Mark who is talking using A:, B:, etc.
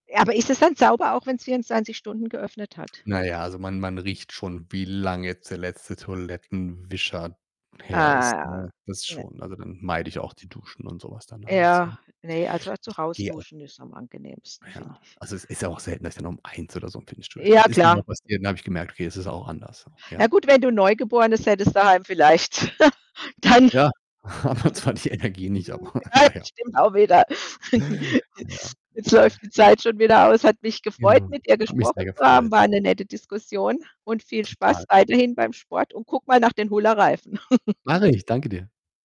A: Ja aber ist es dann sauber, auch wenn's 24 Stunden geöffnet hat?
B: Na ja, also, man man riecht schon, wie lange jetzt der letzte Toilettenwischer
A: Äh,
B: her ist
A: ja,
B: ne, das
A: ne.
B: schon. Also, dann meide ich auch die Duschen und so was dann abends, ja.
A: Ja, ne, also,
B: Ich
A: zu Hause
B: gehe auch
A: duschen ist am angenehmsten, finde
B: Ja.
A: ich.
B: Also, es ist ja auch selten, dass ich dann um 1 oder so im Fitnessstudio
A: Ja,
B: stehe. Ist nur mal
A: klar.
B: passiert und dann habe ich gemerkt: „Okay, es ist auch anders,“ so,
A: Ja
B: ja?
A: gut, wenn du 'n Neugeborenes hättest daheim vielleicht, dann
B: Ja, habe zwar die Energie nicht,
A: oh,
B: aber
A: ja
B: na ja.
A: stimmt auch wieder.
B: Ja.
A: Jetzt läuft die Zeit schon wieder aus. Es hat mich gefreut,
B: Ja.
A: mit dir
B: Hat mich
A: gesprochen
B: sehr
A: zu haben.
B: gefreut.
A: War 'ne nette Diskussion und viel Spaß
B: Total.
A: weiterhin beim Sport und gucke mal nach den Hula Reifen.
B: Mache ich, danke dir.